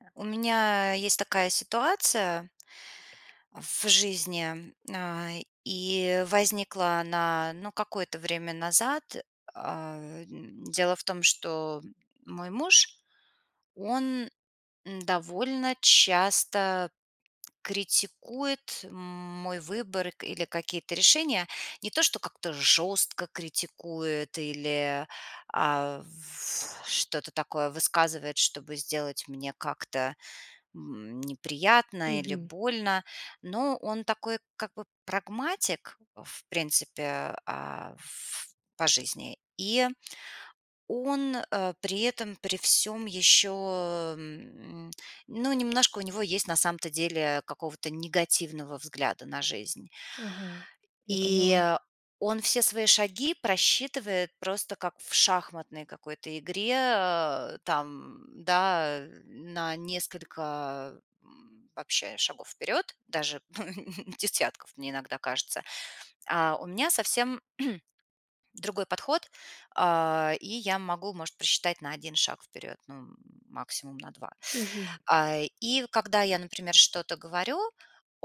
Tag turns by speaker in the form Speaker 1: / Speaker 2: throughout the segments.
Speaker 1: Э, у меня есть такая ситуация в жизни, на и возникла она, ну, какое-то время назад. А, э, дело в том, что мой муж- он довольно часто критикует мой выбор к или какие-то решения. Не то что как-то жестко критикует или, а, что-то такое высказывает, чтобы сделать мне как-то, м, неприятно или
Speaker 2: Мгм.
Speaker 1: больно. Но он такой, как бы, прагматик, в принципе, а, ф по жизни. И он, э, при этом при всём еще, м, ну, немножко у него есть, на самом-то деле, какого-то негативного взгляда на жизнь.
Speaker 2: Ага. Я поняла.
Speaker 1: И он все свои шаги просчитывает просто как в шахматной какой-то игре, э, там, да, на несколько, м, вообще шагов вперед. Даже десятков, мне иногда кажется. А, у меня совсем другой подход, а, и я могу, может, просчитать на 1 шаг вперед, ну максимум на 2.
Speaker 2: Мгм.
Speaker 1: А, и когда я, например, что-то говорю,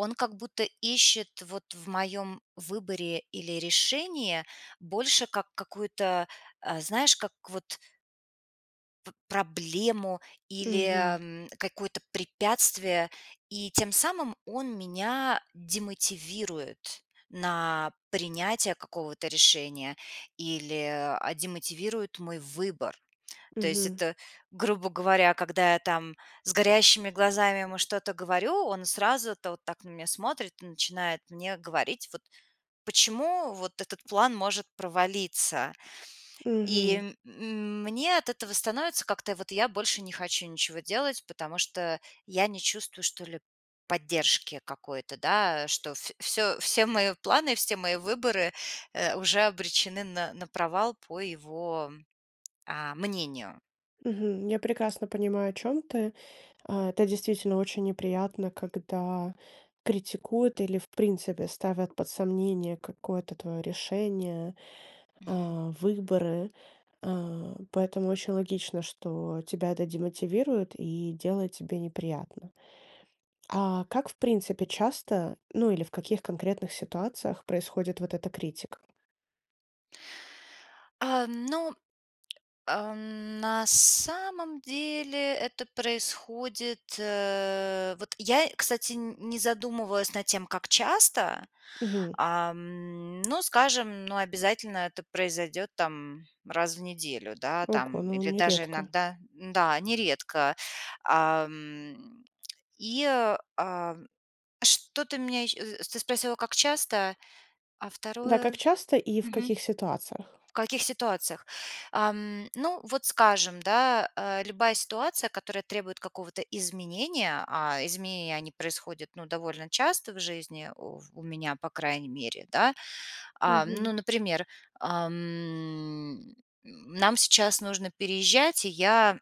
Speaker 1: он как будто ищет вот в моем выборе или решении больше как какую-то, э, знаешь, как вот в проблему или,
Speaker 2: Мгм.
Speaker 1: м, какое-то препятствие. И тем самым он меня демотивирует на принятия какого-то решения или, а, демотивирует мой выбор. То есть
Speaker 2: Мгм.
Speaker 1: это, грубо говоря, когда я там с горящими глазами ему что-то говорю, он сразу-то вот так на меня смотрит и начинает мне говорить, вот, почему вот этот план может провалиться.
Speaker 2: Мгм.
Speaker 1: И, м, мне от этого становится, как-то вот, я больше не хочу ничего делать, потому что я не чувствую, что ли, поддержки какой-то, да. Что в всё, все мои планы, все мои выборы, э, уже обречены на на провал по его, а, мнению.
Speaker 2: Мгм. Я прекрасно понимаю, о чем ты, а, это действительно очень неприятно, когда критикуют или, в принципе, ставят под сомнение какое-то твоё решение,
Speaker 1: Мгм.
Speaker 2: а, выборы, а. Поэтому очень логично, что тебя это демотивирует и делает тебе неприятно. А как, в принципе, часто, ну, или в каких конкретных ситуациях происходит вот эта критика?
Speaker 1: А, ну, ам, на самом деле это происходит, э, вот я, кстати, н не задумывалась над тем, как часто,
Speaker 2: Мгм.
Speaker 1: ам, но, скажем, но обязательно это произойдет там раз в неделю, да,
Speaker 2: Ого,
Speaker 1: там
Speaker 2: но он
Speaker 1: или
Speaker 2: не
Speaker 1: даже
Speaker 2: редко.
Speaker 1: иногда Да, нередко. Ам, и, а, что-то меня е э, ты спросила, как часто, а
Speaker 2: Да,
Speaker 1: 2?
Speaker 2: как часто и в
Speaker 1: Мгм.
Speaker 2: каких ситуациях?
Speaker 1: В каких ситуациях. Ам, ну, вот, скажем, да, а, любая ситуация, которая требует какого-то изменения, а изменения они происходят, ну, довольно часто в жизни у в у меня, по крайней мере, да. А,
Speaker 2: Мгм.
Speaker 1: ну например, ам, м, нам сейчас нужно переезжать, и я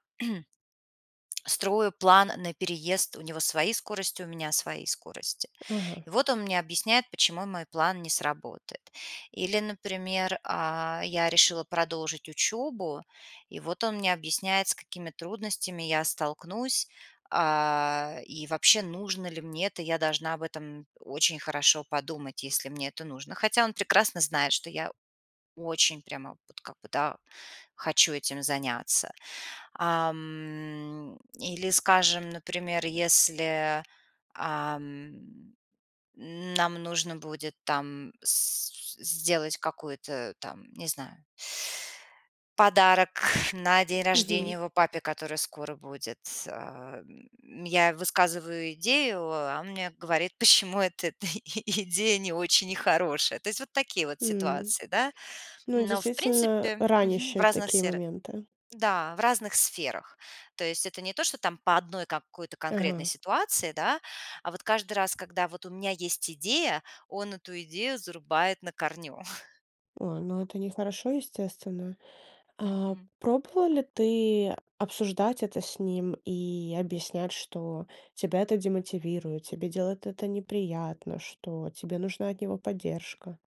Speaker 1: строю план на переезд. У него свои скорости, у меня свои скорости.
Speaker 2: Ага.
Speaker 1: И вот он мне объясняет, почему мой план не сработает. Или, например, а, я решила продолжить учебу, и вот он мне объясняет, с какими трудностями я столкнусь, а, и вообще нужно ли мне это. Я должна об этом очень хорошо подумать, если мне это нужно. Хотя он прекрасно знает, что я очень прямо вот как бы, да, хочу этим заняться. Ам, или, скажем, например, если, ам, нам нужно будет там с с сделать какой-то там, не знаю, подарок на день рождения
Speaker 2: Мгм.
Speaker 1: его папе, который скоро будет, э. Я высказываю идею, а он мне говорит, почему вот эта идея не очень хорошая. То есть вот такие вот
Speaker 2: М,
Speaker 1: ситуации, да.
Speaker 2: ну,
Speaker 1: Но, в
Speaker 2: действительно
Speaker 1: принципе мгм. В
Speaker 2: ранящие
Speaker 1: разных
Speaker 2: такие
Speaker 1: сфера
Speaker 2: моменты.
Speaker 1: да, в разных сферах. То есть это не то что там по одной какой-то конкретной
Speaker 2: Ага.
Speaker 1: ситуации, да, а вот каждый раз, когда вот у меня есть идея, он эту идею зарубает на корню.
Speaker 2: А, ну это нехорошо, естественно. А
Speaker 1: Мгм.
Speaker 2: пробовала ли ты обсуждать это с ним и объяснять, что: тебя это демотивирует, тебе делает это неприятно, что тебе нужна от него поддержка?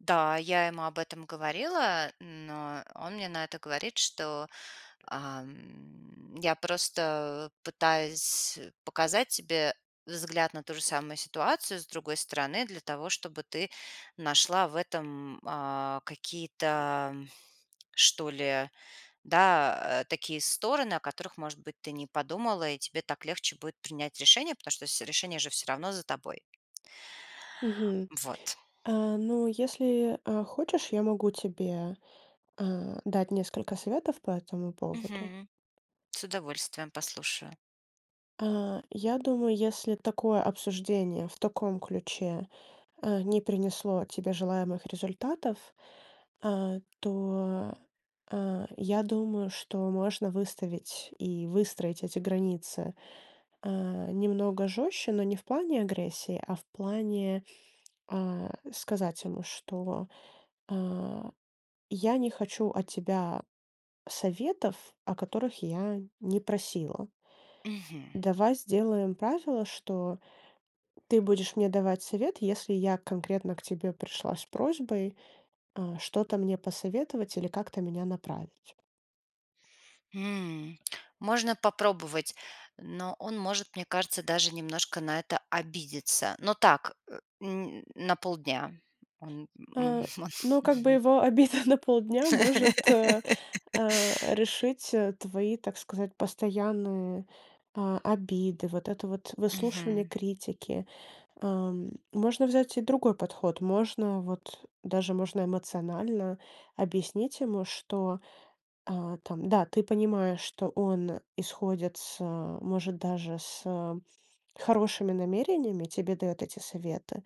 Speaker 1: Да, я ему об этом говорила, но он мне на это говорит, что: "Ам, я просто пытаюсь показать тебе взгляд на ту же самую ситуацию с другой стороны для того, чтобы ты нашла в этом, а, какие-то, что ли, да, э, такие стороны, о которых, может быть, ты не подумала, и тебе так легче будет принять решение, потому что все решения же всё равно за тобой".
Speaker 2: Мгм.
Speaker 1: Вот.
Speaker 2: А, ну, если, а, хочешь, я могу тебе, а, дать несколько советов по этому поводу.
Speaker 1: Мгм. С удовольствием послушаю.
Speaker 2: Э, я думаю, если такое обсуждение, в таком ключе, э, не принесло тебе желаемых результатов, э, то, э, я думаю, что можно выставить и выстроить эти границы, э, немного жёстче, но не в плане агрессии, а в плане, а, сказать ему, что а я не хочу от тебя советов, о которых я не просила
Speaker 1: Мгм.
Speaker 2: "давай сделаем правило, что ты будешь мне давать совет, если я конкретно к тебе пришла с просьбой, э, что-то мне посоветовать или как-то меня направить".
Speaker 1: М. Можно попробовать, но он может, мне кажется, даже немножко на это обидеться, но так, э м, на полдня, он м.
Speaker 2: Э, ну как бы его обида на полдня может, э э, решить, э, твои, так сказать, постоянные, э, обиды, вот это вот выслушивание
Speaker 1: Мгм.
Speaker 2: критики. Ам, можно взять и другой подход, можно вот даже можно эмоционально объяснить ему, что, э, там да, ты понимаешь, что он исходит с может даже с хорошими намерениями, тебе даёт эти советы,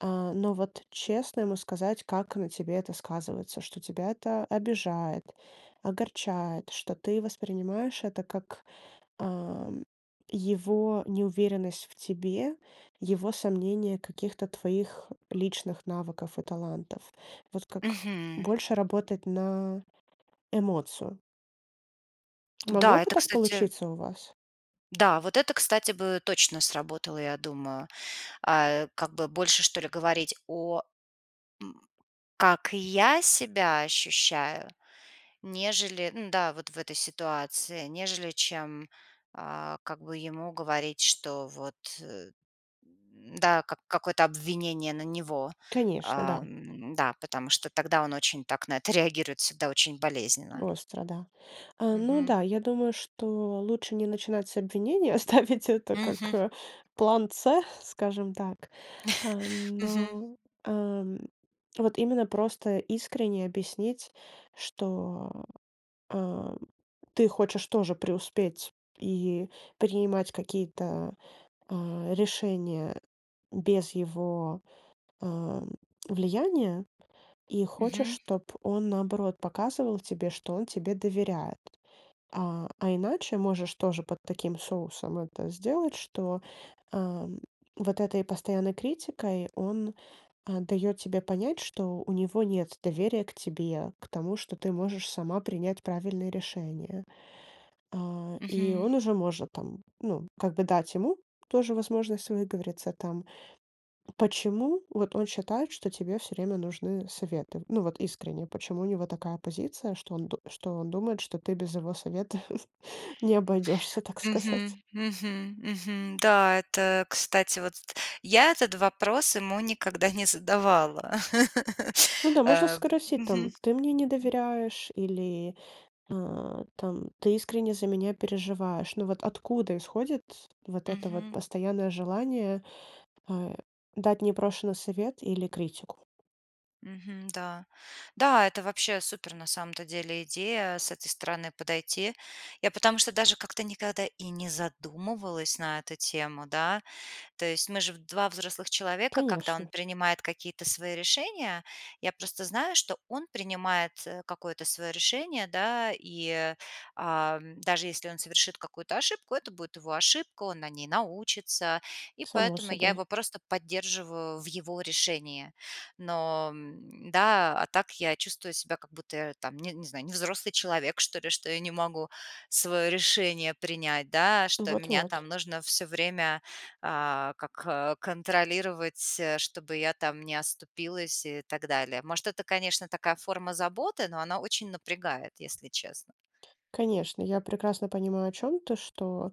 Speaker 2: а, но вот честно ему сказать, как на тебе это сказывается. Что тебя это обижает, огорчает, что ты воспринимаешь это как, ам, его неуверенность в тебе, его сомнения каких-то твоих личных навыков и талантов. Вот как
Speaker 1: Мгм.
Speaker 2: больше работать на эмоцию. Могло
Speaker 1: Да,
Speaker 2: бы
Speaker 1: это,
Speaker 2: так
Speaker 1: кстати
Speaker 2: получиться у вас?
Speaker 1: Да, вот это, кстати, бы точно сработало, я думаю. А, как бы больше что ли говорить о м Как я себя ощущаю, нежели Н-да, вот в этой ситуации, нежели чем а, как бы ему говорить, что вот, э Да, как какое-то обвинение на него.
Speaker 2: Конечно, да.
Speaker 1: Ам, да, потому что тогда он очень так на это реагирует всегда очень болезненно.
Speaker 2: Остро, да. А, ну
Speaker 1: Мгм.
Speaker 2: да, я думаю, что лучше не начинать с обвинения, оставить это как,
Speaker 1: Мгм.
Speaker 2: э, план C скажем так. А,
Speaker 1: Мгм.
Speaker 2: но, а, вот именно просто искренне объяснить, что, а, ты хочешь тоже преуспеть и принимать какие-то, а, решения без его, а, влияния и хочешь
Speaker 1: Мгм.
Speaker 2: чтоб он наоборот показывал тебе, что он тебе доверяет. А, а иначе можешь тоже под таким соусом это сделать, что, а, вот этой постоянной критикой он, а, даёт тебе понять, что у него нет доверия к тебе, к тому, что ты можешь сама принять правильное решение. А, и
Speaker 1: Мгм.
Speaker 2: он уже может, там, ну, как бы дать ему тоже возможность выговориться, там. Почему вот он считает, что тебе всё время нужны советы? Ну, вот искренне, почему у него такая позиция, что он д что он думает, что ты без его совета не обойдешься, так сказать.
Speaker 1: Мгм. Мгм. Мгм. Да, это, кстати, вот. Я этот вопрос ему никогда не задавала.
Speaker 2: Ну да, можно
Speaker 1: А,
Speaker 2: спросить,
Speaker 1: мгм.
Speaker 2: там: "Ты мне не доверяешь или, а, там, ты искренне за меня переживаешь? Ну, вот откуда исходит вот это вот
Speaker 1: Мгм.
Speaker 2: постоянное желание, а, дать непрошенный совет или критику?"
Speaker 1: Мгм, да. Да, это вообще супер на самом-то деле идея- с этой стороны подойти. Я потому что даже как-то никогда и не задумывалась на эту тему, да. То есть мы же 2 взрослых человека, когда он
Speaker 2: Конечно.
Speaker 1: принимает какие-то свои решения, я просто знаю, что он принимает, э, какое-то своё решение, да, и, э, а, даже если он совершит какую-то ошибку, это будет его ошибка, он на ней научится, и
Speaker 2: Само
Speaker 1: поэтому я
Speaker 2: собой.
Speaker 1: его просто поддерживаю в его решении. Но да, а так я чувствую себя, как будто я там, не не знаю, не взрослый человек, что ли, что я не могу своё решение принять, да? Что
Speaker 2: Вот
Speaker 1: меня
Speaker 2: вот.
Speaker 1: там нужно всё время, а, как контролировать, э, чтобы я там не оступилась и так далее. Может, это, конечно, такая форма заботы, но она очень напрягает, если честно.
Speaker 2: Конечно, я прекрасно понимаю, о чём ты, что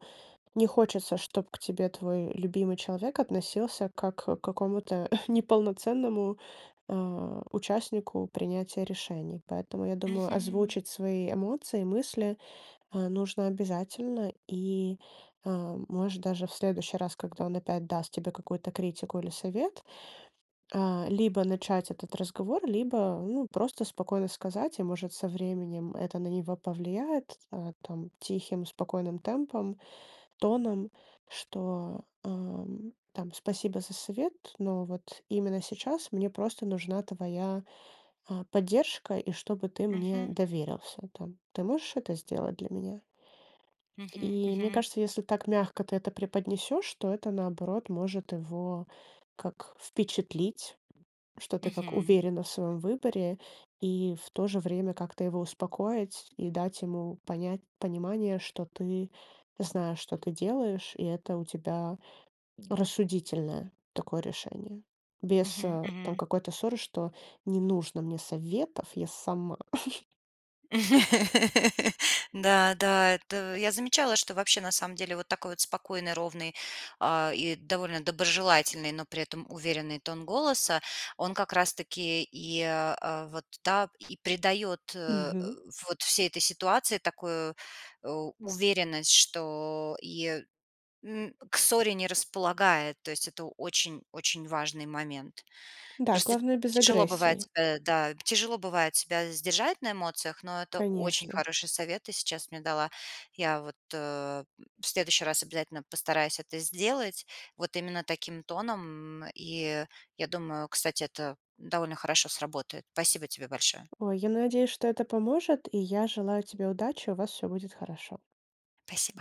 Speaker 2: не хочется, чтобы к тебе твой любимый человек относился как к какому-то неполноценному, э, участнику принятия решений. Поэтому, я думаю,
Speaker 1: Мгм.
Speaker 2: озвучить свои эмоции, мысли, э, нужно обязательно, и, а, может, даже в следующий раз, когда он опять даст тебе какую-то критику или совет, а, либо начать этот разговор, либо, ну, просто спокойно сказать, и, может, со временем это на него повлияет, а, там, тихим спокойным темпом, тоном, что, а, там, спасибо за совет, но вот именно сейчас мне просто нужна твоя, а, поддержка и чтобы ты мне
Speaker 1: Мгм.
Speaker 2: доверился, там. Ты можешь это сделать для меня?
Speaker 1: Мгм
Speaker 2: И мне
Speaker 1: мгм.
Speaker 2: кажется, если так мягко ты это преподнесёшь, то это, наоборот, может его, как, впечатлить. Что ты, как,
Speaker 1: Мгм.
Speaker 2: уверена в своём выборе и, в то же время, как-то его успокоить, и дать ему понять понимание, что ты знаешь, что ты делаешь, и это у тебя рассудительное такое решение. Без,
Speaker 1: Мгм
Speaker 2: а, там
Speaker 1: мгм.
Speaker 2: какой-то ссоры, что: "Не нужно мне советов, я сама".
Speaker 1: Да да, это Я замечала, что вообще, на самом деле, вот такой вот спокойный, ровный, а, и довольно доброжелательный, но при этом уверенный тон голоса, он как раз таки и, э, вот, да, и придаёт, э,
Speaker 2: Мгм.
Speaker 1: вот всей этой ситуации такую у уверенность, что и н к ссоре не располагает. То есть это очень очень важный момент.
Speaker 2: Да,
Speaker 1: Просто
Speaker 2: главное- без
Speaker 1: тяжело бывает
Speaker 2: агрессии.
Speaker 1: себя да, тяжело бывает себя сдержать на эмоциях, но это очень
Speaker 2: Конечно.
Speaker 1: хороший совет ты сейчас мне дала. Я вот, э, в следующий раз обязательно постараюсь это сделать вот именно таким тоном. И я думаю, кстати, это довольно хорошо сработает. Спасибо тебе большое.
Speaker 2: Ой, я надеюсь, что это поможет, и я желаю тебе удачи. У вас всё будет хорошо!
Speaker 1: Спасибо.